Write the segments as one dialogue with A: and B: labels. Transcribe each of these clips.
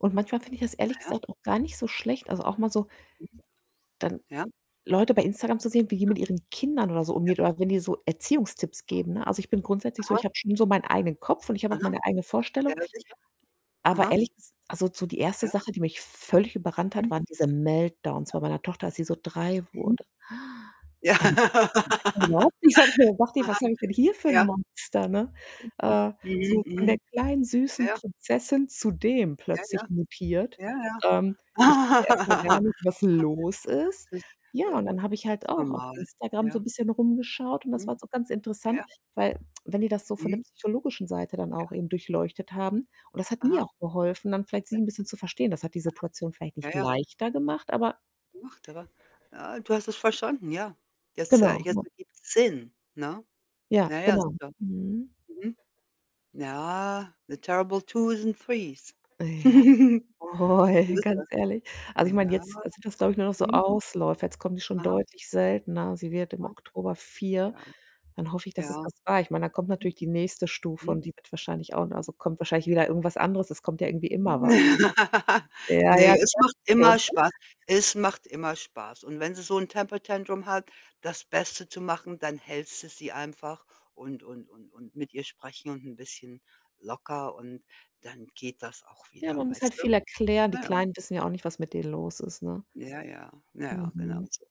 A: Und manchmal finde ich das ehrlich
B: Ja, ja.
A: gesagt auch gar nicht so schlecht, also, auch mal so
B: Mhm.
A: dann
B: Ja.
A: Leute bei Instagram zu sehen, wie die
B: [unintelligible]
A: mit ihren Kindern oder so
B: Ja.
A: umgeht oder wenn die so Erziehungstipps
B: [unintelligible]
A: geben, ne? Also, ich bin grundsätzlich so
B: Aha.
A: ich habe schon so meinen eigenen Kopf und ich habe auch
B: Aha.
A: meine eigene
B: Ja,
A: Vorstellung.
B: na sicher.
A: Aber
B: Aha.
A: ehrlich ges also, so die 1.
B: Ja.
A: Sache, die mich völlig überrannt hat,
B: Mhm.
A: waren diese Meltdowns
B: [unintelligible]
A: bei meiner Tochter, als sie so 3
B: Mhm.
A: wurde.
B: Ja.
A: Damit konnte ich am Anfang überhaupt nichts anfangen und dachte ich:
B: Aha.
A: „Was habe ich denn hier für 'n
B: Ja.
A: Monster, ne?“
B: [unintelligible]
A: Äh,
B: Mhm,
A: so von der
B: mhm.
A: kleinen süßen
B: Ja.
A: Prinzessin zu dem
B: Ja,
A: plötzlich
B: ja.
A: mutiert.
B: Ja,
A: Ähm,
B: ja.
A: ich wusste erst mal gar nicht, was los ist.
B: Mhm. Das ist äh,
A: Ja,
B: das
A: und dann habe ich
B: ist
A: halt
B: ganz
A: auch auf
B: normal,
A: Instagram so 'n
B: ja.
A: bisschen rumgeschaut und das
B: Mhm.
A: war jetzt auch ganz
B: Ja,
A: interessant,
B: ja.
A: weil wenn die das so von der
B: Mhm.
A: psychologischen Seite dann auch
B: Ja.
A: eben durchleuchtet haben und das hat mir
B: Aha.
A: auch geholfen, dann vielleicht sie
B: [unintelligible]
A: 'n bisschen zu verstehen. Das hat die
B: Aha.
A: Situation vielleicht
B: Ja,
A: nicht
B: ja.
A: leichter gemacht, aber
B: [unintelligible] Äh, du hast es verstanden, ja. Jetzt, äh
A: Genau,
B: jetzt
A: ne?
B: ergibt es Sinn, ne?
A: Ja,
B: Ja, ja,
A: genau.
B: sicher.
A: Mhm.
B: Mhm. Ja. The terrible twos and threes.
A: Oh ja, oh
B: So
A: ja,
B: ist
A: ganz
B: das.
A: ehrlich. Also, ich meine,
B: Ja.
A: jetzt also, sind das, glaube ich, nur noch so
B: Mhm.
A: Ausläufer. Jetzt kommen die schon
B: Aha.
A: deutlich seltener. Sie wird im
B: Mhm.
A: Oktober 4.
B: Ja.
A: Dann hoffe ich, dass es
B: Ja.
A: das war. Ich meine, da kommt natürlich die nächste Stufe
B: Mhm. Mhm.
A: und die wird wahrscheinlich auch ne, also, kommt wahrscheinlich wieder irgendwas anderes. Es kommt ja irgendwie immer was. Ja, ja,
B: Ne,
A: du
B: es
A: sagst
B: macht
A: es schon.
B: immer Spaß.
A: [unintelligible]
B: Es macht immer Spaß. Und wenn sie so 'n temper tantrum hat, das Beste zu machen, dann hältst du sie einfach und und und und mit ihr sprechen und 'n bisschen locker und dann geht das auch
A: Ja,
B: wieder,
A: man muss
B: weißt
A: halt
B: du?
A: viel erklären. Die
B: Ja.
A: Kleinen wissen ja auch nicht, was mit denen los ist, ne?
B: Ja, ja. Ja, genau
A: Mhm.
B: so.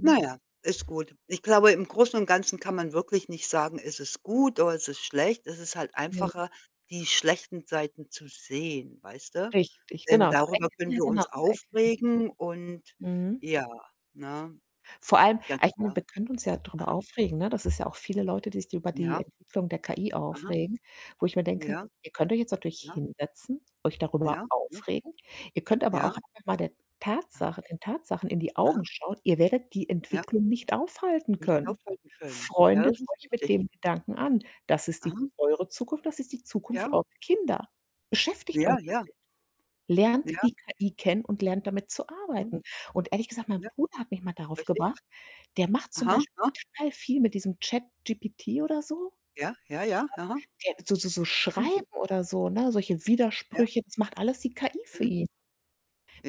B: Na ja, ist gut. Ich glaube, im Großen und Ganzen kann man wirklich nicht sagen, ist es gut oder ist es schlecht? Es ist halt
A: Ja.
B: einfacher, die schlechten Seiten zu sehen, weißt du?
A: Richtig,
B: Denn
A: genau. Zu
B: darüber
A: erkennen
B: können
A: ja,
B: wir
A: genau,
B: uns
A: zu erkennen.
B: aufregen und
A: Mhm.
B: ja, ne?
A: Vor allem
B: Ganz
A: aber, ich meine,
B: klar.
A: wir können uns ja drüber
B: Aha.
A: aufregen, ne? Das ist ja auch viele Leute, die sich über die
B: Ja.
A: Entwicklung der KI
B: Aha.
A: aufregen, wo ich mir denke:
B: Ja.
A: „Ihr könnt euch jetzt natürlich
B: Ja.
A: hinsetzen, euch darüber
B: Ja. Ja.
A: aufregen. Ihr könnt aber
B: Ja.
A: auch einfach mal der
B: Aha.
A: Tatsache den Tatsachen in die
B: Aha.
A: Augen schauen. Ihr werdet die
B: Ja.
A: Entwicklung nicht aufhalten
B: Nicht
A: können.
B: aufhalten können. Ja,
A: Freundet
B: das ist
A: euch mit
B: richtig.
A: dem Gedanken an. Das ist die
B: Aha.
A: eure Zukunft, das ist die Zukunft
B: Ja.
A: eurer Kinder. Beschäftigt euch
B: Ja,
A: damit.
B: ja.
A: Lernt
B: Ja.
A: die KI kennen und lernt, damit zu
B: Mhm.
A: arbeiten.“ Und ehrlich gesagt, mein
B: Ja.
A: Bruder hat mich mal darauf
B: Richtig.
A: gebracht. Der macht zum
B: Aha,
A: Beispiel
B: aha.
A: total viel mit diesem ChatGPT, oder so.
B: Ja, ja, ja, aha.
A: [unintelligible] So so so
B: Mhm.
A: Schreiben oder so, ne? Solche
B: Ja.
A: Widersprüche, das macht alles die KI für
B: Mhm.
A: ihn.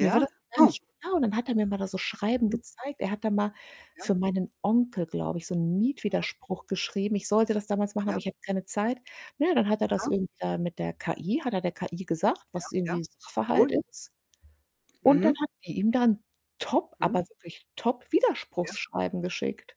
A: Mir war das gar
B: Oh.
A: nicht klar. Und dann hat er mir mal da so Schreiben
B: Mhm.
A: gezeigt. Er hat da mal für
B: Ja.
A: meinen Onkel, glaube ich, so 'n
B: Aha.
A: Mietwiderspruch geschrieben. Ich sollte das damals machen, aber
B: Ja.
A: ich hatte keine Zeit. Na ja, dann hat er das
B: Aha.
A: irgendwie da mit der KI hat er der KI gesagt,
B: Ja,
A: was
B: ja.
A: irgendwie Sachverhalt
B: Gut.
A: ist. Und dann
B: Mhm.
A: hat die ihm da 'n top
B: Mhm.
A: aber wirklich top
B: Ja.
A: Widerspruchsschreiben geschickt.